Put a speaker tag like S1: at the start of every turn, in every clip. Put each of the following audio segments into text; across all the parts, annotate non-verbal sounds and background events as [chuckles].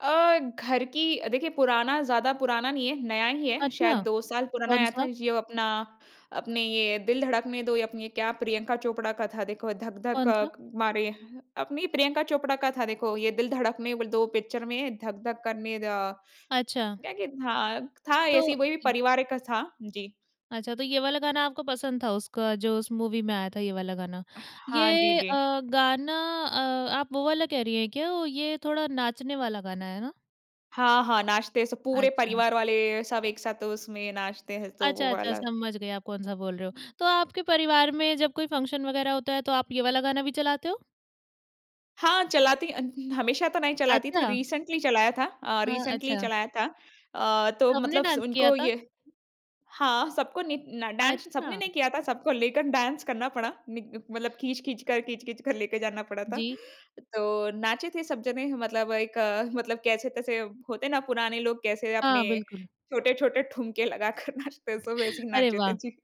S1: अ, घर की अ, देखिए, पुराना ज़्यादा पुराना नहीं है, नया ही है। शायद
S2: अच्छा।
S1: 2 साल पुराना आया
S2: कौन-सा?
S1: था। जी वो अपना, अपने, "ये दिल धड़कने दो" या अपनी ये क्या प्रियंका चोपड़ा का था, देखो “धक-धक अ,
S2: कौन-सा?
S1: मारे” अपनी प्रियंका चोपड़ा का था, देखो। “ये दिल धड़क ने व दो" पिक्चर में, “धक-धक करने द”
S2: अच्छा।
S1: क्या-क्या था? था ऐसे
S2: तो
S1: ही, वही परिवार का था। जी।
S2: अच्छा, तो ये वाला गाना आपको पसंद था उसका, जो उस मूवी में आया था, ये वाला गाना।
S1: हाँ, जी,
S2: ये
S1: जी।
S2: अ, गाना अ, आप वो वाला कह रहीं हैं क्या? ये थोड़ा नाचने वाला गाना है ना?
S1: हाँ, हाँ, नाचते हैं। स पूरे
S2: अच्छा।
S1: परिवार वाले, सब एक साथ, उसमें नाचते हैं, तो वो
S2: अच्छा, अच्छा,
S1: वाला।
S2: समझ गई, आप कौन-सा बोल रहे हो।
S1: हुँ।
S2: तो आपके परिवार में जब कोई फंक्शन वगैरह होता है, तो आप ये वाला गाना भी चलाते हो?
S1: हाँ, चलाती अन् हमेशा तो नहीं चलाती थी।
S2: अच्छा।
S1: रिसेंट्ली चलाया था अ,
S2: हाँ,
S1: रिसेंट्ली
S2: अच्छा।
S1: चलाया था। अ, तो
S2: सबने
S1: मतलब स
S2: डान्स किया
S1: उनको
S2: था?
S1: ये हाँ, सबको नि न डान्स सबने
S2: अच्छा।
S1: नहीं किया था। सबको लेकर डाँस करना पड़ा। निग मतलब खींच-खींच कर, खींच-खींच कर लेके जाना पड़ा था।
S2: जी।
S1: तो नाचे थे सब जने, मतलब एक अ, मतलब कैसे-तैसे होते हैं ना, पुराने लोग कैसे
S2: हाँ,
S1: अपने
S2: बिल्कुल।
S1: छोटे-छोटे ठुमके लगाकर नाचते हैं, सब वैसे ही
S2: [chuckles] अरे
S1: नाचे थे।
S2: वाह!
S1: जी।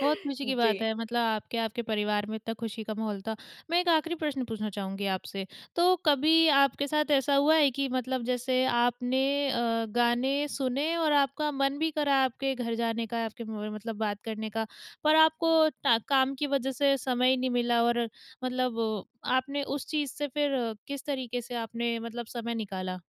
S2: बहुत खुशी की बात
S1: जी।
S2: है। मतलब आपके, आपके परिवार में इतना खुशी का माहौल था। मैं एक आखिरी प्रश्न पूछना चाहूँगी आपसे। तो कभी आपके साथ ऐसा हुआ है कि मतलब जैसे आपने अ, गाने सुने और आपका मन भी करा आपके घर जाने का, आपके म म मतलब बात करने का पर आपको टा काम की वजह से समय ही नहीं मिला और मतलब आपने उस चीज़ से फिर, किस तरीके से आपने मतलब समय निकाला?